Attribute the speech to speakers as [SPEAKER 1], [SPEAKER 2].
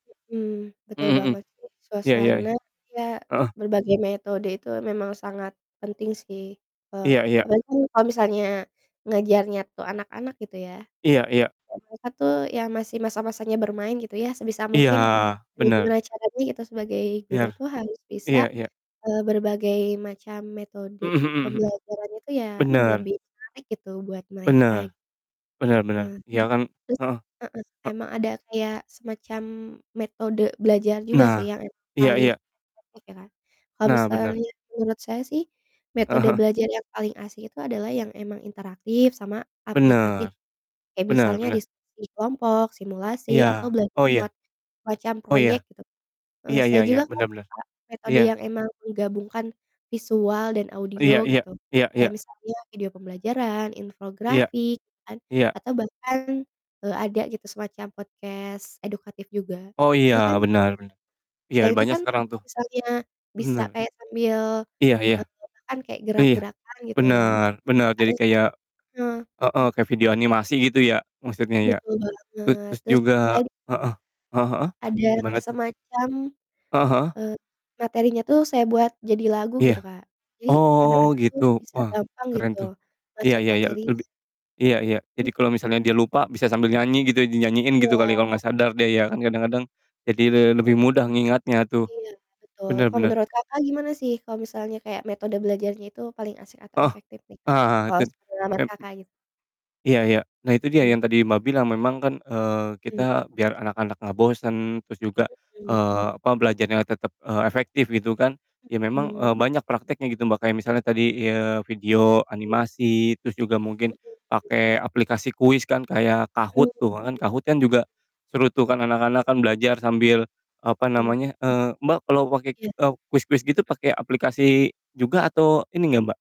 [SPEAKER 1] Mhm, betul
[SPEAKER 2] Mmm mhm.
[SPEAKER 1] banget sih,
[SPEAKER 2] Iya iya.
[SPEAKER 1] suasana iya,
[SPEAKER 2] Heeh.
[SPEAKER 1] berbagai metode itu memang sangat penting sih, eee,
[SPEAKER 2] Iya iya.
[SPEAKER 1] apalagi kan kalau misalnya ngajarnya tuh anak-anak, gitu ya.
[SPEAKER 2] Iya iya.
[SPEAKER 1] Ya mereka tuh ya, masih masa-masanya bermain gitu ya, sebisa
[SPEAKER 2] Iya,
[SPEAKER 1] mungkin ya
[SPEAKER 2] bener.
[SPEAKER 1] gimana caranya gitu, sebagai guru
[SPEAKER 2] Biar
[SPEAKER 1] tuh harus bisa,
[SPEAKER 2] iya iya.
[SPEAKER 1] eee, berbagai macam metode
[SPEAKER 2] Mhm mhm mhm.
[SPEAKER 1] pembelajarannya itu ya,
[SPEAKER 2] Bener.
[SPEAKER 1] lebih menarik gitu buat
[SPEAKER 2] Bener.
[SPEAKER 1] mereka.
[SPEAKER 2] Bener bener.
[SPEAKER 1] Ah,
[SPEAKER 2] Iya, kan,
[SPEAKER 1] terus
[SPEAKER 2] heeh.
[SPEAKER 1] heeh,
[SPEAKER 2] A
[SPEAKER 1] emang ada kayak semacam metode belajar juga
[SPEAKER 2] Nah,
[SPEAKER 1] sih yang emang
[SPEAKER 2] iya
[SPEAKER 1] paling
[SPEAKER 2] iya.
[SPEAKER 1] efektif ya, Kak. Kalo
[SPEAKER 2] Nah, benar.
[SPEAKER 1] misalnya menurut saya sih,
[SPEAKER 2] Heeh
[SPEAKER 1] metode
[SPEAKER 2] heeh.
[SPEAKER 1] belajar yang paling asik itu adalah yang emang interaktif sama aplikatif,
[SPEAKER 2] Bener,
[SPEAKER 1] kayak
[SPEAKER 2] bener
[SPEAKER 1] misalnya
[SPEAKER 2] bener.
[SPEAKER 1] diskusi kelompok, simulasi, atau
[SPEAKER 2] Iya,
[SPEAKER 1] belajar
[SPEAKER 2] oh, iya.
[SPEAKER 1] lewat semacam
[SPEAKER 2] Oh, ya.
[SPEAKER 1] proyek, gitu. Heeh,
[SPEAKER 2] Iya
[SPEAKER 1] saya
[SPEAKER 2] iya iya.
[SPEAKER 1] juga kan
[SPEAKER 2] Bener bener.
[SPEAKER 1] suka metode
[SPEAKER 2] Iya.
[SPEAKER 1] yang emang menggabungkan visual dan
[SPEAKER 2] Iya
[SPEAKER 1] audio
[SPEAKER 2] iya.
[SPEAKER 1] gitu,
[SPEAKER 2] Iya
[SPEAKER 1] kayak
[SPEAKER 2] iya.
[SPEAKER 1] misalnya video pembelajaran,
[SPEAKER 2] Iya.
[SPEAKER 1] infografik kan,
[SPEAKER 2] Iya.
[SPEAKER 1] atau bahkan, eee, ada gitu, semacam podcast edukatif juga.
[SPEAKER 2] Oh, iya,
[SPEAKER 1] Jadi kan
[SPEAKER 2] bener bener. Iya,
[SPEAKER 1] saya itu
[SPEAKER 2] banyak
[SPEAKER 1] kan
[SPEAKER 2] sekarang
[SPEAKER 1] kalau
[SPEAKER 2] tuh.
[SPEAKER 1] misalnya bisa
[SPEAKER 2] Bener.
[SPEAKER 1] kayak sambil
[SPEAKER 2] Iya iya.
[SPEAKER 1] bergerak kan, kayak
[SPEAKER 2] Iya,
[SPEAKER 1] gerak-gerakan gitu ya.
[SPEAKER 2] bener bener. Jadi
[SPEAKER 1] Atau sam
[SPEAKER 2] kayak
[SPEAKER 1] heeh.
[SPEAKER 2] heeh, kayak video animasi gitu ya, maksudnya ya.
[SPEAKER 1] Betul
[SPEAKER 2] tu
[SPEAKER 1] banget,
[SPEAKER 2] terus
[SPEAKER 1] terus
[SPEAKER 2] juga
[SPEAKER 1] saya di
[SPEAKER 2] heeh, heeh heeh,
[SPEAKER 1] Ada
[SPEAKER 2] gimana
[SPEAKER 1] kayak
[SPEAKER 2] tuh?
[SPEAKER 1] semacam,
[SPEAKER 2] Heeh heeh.
[SPEAKER 1] eee, materinya tuh saya buat jadi lagu, gitu,
[SPEAKER 2] Iya,
[SPEAKER 1] Kak, jadi
[SPEAKER 2] oh,
[SPEAKER 1] anak-anak tuh
[SPEAKER 2] gitu.
[SPEAKER 1] bisa
[SPEAKER 2] Wah,
[SPEAKER 1] gampang
[SPEAKER 2] keren
[SPEAKER 1] gitu
[SPEAKER 2] tuh. Iya
[SPEAKER 1] masuk
[SPEAKER 2] iya iya,
[SPEAKER 1] materinya.
[SPEAKER 2] lebi iya iya, jadi kalo misalnya
[SPEAKER 1] Mhm.
[SPEAKER 2] dia lupa, bisa sambil nyanyi gitu, dinyanyiin gitu, kali kalo
[SPEAKER 1] Iya.
[SPEAKER 2] nggak sadar dia ya, kan kadang-kadang jadi le
[SPEAKER 1] E
[SPEAKER 2] lebih mudah ngingatnya tuh,
[SPEAKER 1] Iya, betul,
[SPEAKER 2] bener
[SPEAKER 1] kalau
[SPEAKER 2] bener
[SPEAKER 1] menurut Kakak gimana sih kalau misalnya kayak metode belajarnya itu paling asik atau
[SPEAKER 2] Heeh.
[SPEAKER 1] efektif nih, Kak,
[SPEAKER 2] Ah
[SPEAKER 1] kalau
[SPEAKER 2] ten
[SPEAKER 1] sepengalaman
[SPEAKER 2] em
[SPEAKER 1] Kakak gitu?
[SPEAKER 2] iya iya, nah, itu dia
[SPEAKER 1] Mmm.
[SPEAKER 2] yang tadi Mbak, bilang, memang kan, eee,
[SPEAKER 1] Mmm.
[SPEAKER 2] kita biar anak-anak nggak bosen terus juga,
[SPEAKER 1] Mhm.
[SPEAKER 2] eee, apa, belajarnya tetep, eee, efektif, gitu kan, ya, memang,
[SPEAKER 1] Mhm.
[SPEAKER 2] eee, banyak prakteknya, gitu, Mbak, kayak misalnya tadi, eee, video
[SPEAKER 1] Mmm.
[SPEAKER 2] animasi, terus juga mungkin
[SPEAKER 1] Mhm, mmm
[SPEAKER 2] pake aplikasi kuis kan, kayak
[SPEAKER 1] Mhm mhm.
[SPEAKER 2] Kahoot
[SPEAKER 1] Mmm.
[SPEAKER 2] tuh kan, Kahoot kan juga seru tuh, kan anak-anak kan belajar sambil, apa
[SPEAKER 1] Mmm.
[SPEAKER 2] namanya eee, Mbak, kalo pake,
[SPEAKER 1] Iya.
[SPEAKER 2] eee, kuis-kuis gitu,
[SPEAKER 1] Mmm.
[SPEAKER 2] pake aplikasi juga atau ini nggak, Mbak?